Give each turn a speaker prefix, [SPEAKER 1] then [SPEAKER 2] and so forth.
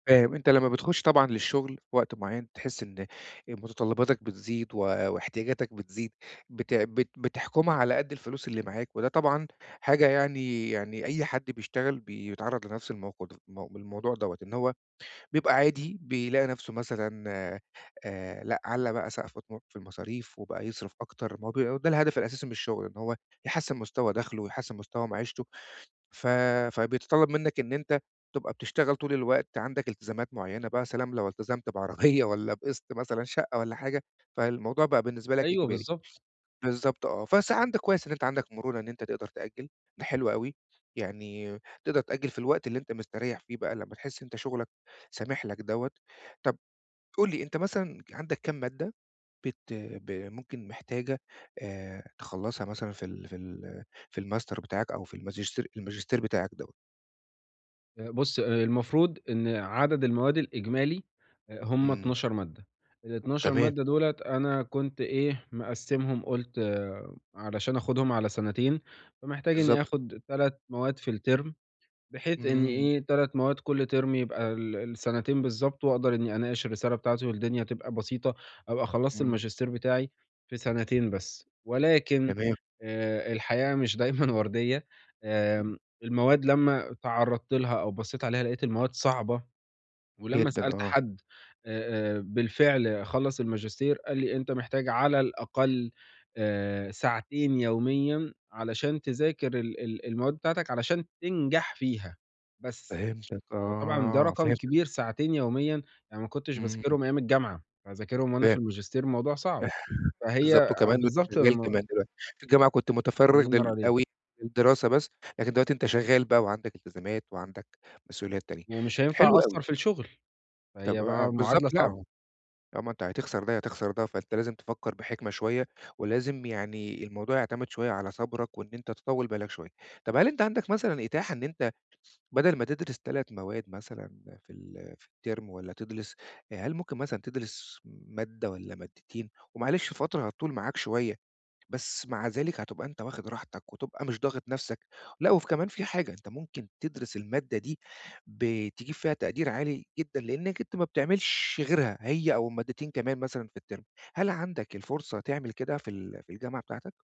[SPEAKER 1] فاهم. أنت لمّا بتخُش طبعًا للشغل في وقت معيّن، بتحس إن أ مُتطلباتك بتزيد و واحتياجاتك بتزيد، بت بت بتحكُمها على قد الفلوس اللي معاك، وده طبعًا حاجة يعني يعني أي حد بيشتغل بيتعرّض لنفس الموقد م بالموضوع دوّة. إن هو بيبقى عادي بيلاقي نفسه مثلًا آآ لأ علّى بقى سَقْف طموحه في المصاريف، وبقى يصرف أكتر ما بي ده الهدف الأساسي من الشغل. إن هو يحسّن مستوى دخلُه، ويحسّن مستوى معيشتُه. ف فبيتطلَّب منّك إن أنت تبقى بتشتغل طول الوقت، عندَك التزامات معيّنة بقى يا سلام لو التزمت بعربية والّا بقِسط مثلًا شقّة والّا حاجة، فالموضوع بقى بالنسبة لك
[SPEAKER 2] أيوه
[SPEAKER 1] إجباري.
[SPEAKER 2] بالضبط.
[SPEAKER 1] بالضبط آه. بس عندك كويس إن أنت عندك مرونة إن أنت تقدر تأجّل ده حلو أوي. يعني تقدر تأجّل في الوقت اللي أنت مستريّح فيه بقى لمّا تحس إن أنت شُغلك سامح لك دوّة. طب قُل لي أنت مثلًا عندّك كام مادّة بت ب ممكن محتاجة آآ تخلّصها مثلًا في ال في ال في الماستر بتاعك أو في الماجستير الماجستير بتاعك دوّة؟
[SPEAKER 2] أ بُص المفروض إن عدد المواد الإجمالي أ هم
[SPEAKER 1] إمم.
[SPEAKER 2] 12 مادّة. ال12
[SPEAKER 1] تمام.
[SPEAKER 2] مادّة دُولَة أنا كنت إيه، مقسِّمهم قُلت علشان آخُدهم على سنتين، فمحتاج إنّي
[SPEAKER 1] بالضبط.
[SPEAKER 2] آخُد 3 مواد في الترم بحيث إنّ
[SPEAKER 1] إمم.
[SPEAKER 2] إيه، 3 مواد كل ترم يبقى ال السَنتين بالضبط، وأقدر إنّي أناقش الرسالة بتاعتي والدنيا تبقى بسيطة، أبقى خلّصت
[SPEAKER 1] إمم.
[SPEAKER 2] الماجستير بتاعي في سَنتين بس. ولكن
[SPEAKER 1] تمام.
[SPEAKER 2] آآ الحياة مش دايمًا ورديّة
[SPEAKER 1] إمم.
[SPEAKER 2] آمم المواد لمّا اتعرّضت لها أو بصّيت عليها لقيت المواد صعبة. ولمّا
[SPEAKER 1] جدًا
[SPEAKER 2] سألت
[SPEAKER 1] آه.
[SPEAKER 2] حد أ أ بالفعل خلّص الماجستير قال لي: "أنت محتاج على الأقل آآ ساعتين يوميًا علشان تذاكر ال ال المواد بتاعتك علشان تنجح فيها بس.
[SPEAKER 1] فهمتك
[SPEAKER 2] فطبعًا ده
[SPEAKER 1] آه
[SPEAKER 2] رقم
[SPEAKER 1] فهمتك.
[SPEAKER 2] كبير ساعتين يوميًا، يعني ما كنتش
[SPEAKER 1] إمم.
[SPEAKER 2] باذاكرهم أيام الجامعة، فهاذاكرهم وأنا في
[SPEAKER 1] فهمتك.
[SPEAKER 2] الماجستير الموضوع صعب. فهي
[SPEAKER 1] بالضبط.
[SPEAKER 2] أ
[SPEAKER 1] وكمان وأنت
[SPEAKER 2] بالضبط
[SPEAKER 1] شغّال
[SPEAKER 2] الم
[SPEAKER 1] كمان دلوقتي، في الجامعة كنت متفرّغ
[SPEAKER 2] الله ينور
[SPEAKER 1] لل
[SPEAKER 2] عليك.
[SPEAKER 1] أوي للدراسة بس، لكن دلوقتي أنت شغّال بقى، وعندك التزامات وعندك مسؤوليات تانية
[SPEAKER 2] ومش هينفع
[SPEAKER 1] حلو أوي.
[SPEAKER 2] أقصّر في الشغل،
[SPEAKER 1] طب
[SPEAKER 2] فهي
[SPEAKER 1] آه
[SPEAKER 2] بقى
[SPEAKER 1] بالضبط
[SPEAKER 2] معادلة
[SPEAKER 1] لأ.
[SPEAKER 2] صعبة.
[SPEAKER 1] طالما أنت هتخسر ده يا تخسر ده فأنت لازم تفكّر بحِكمة شوية. ولازم يعني الموضوع يعتمد شوية على صبرك، وإن أنت تطوّل بالك شوية، طب هل أنت عندَك مثلًا إتاحة إن أنت بَدَل ما تدرس 3 مواد مثلًا في ال في الترم والّا تدرس هل ممكن مثلًا تدرس مادّة والّا مادتين؟ ومعلش فترة هتطول معاك شوية، بس مع ذلك هتبقى أنت واخِد راحتك وتبقى مش ضاغط نفسك. لأ وفي كمان في حاجة، أنت ممكن تدرس المادّة دي ب تجيب فيها تقدير عالي جدًا، لإنّك أنت ما بتعملش غيرها هي أو مادتين كمان مثلًا في الترم هل عندك الفُرصة تعمل كده في ال في الجامعة بتاعتك؟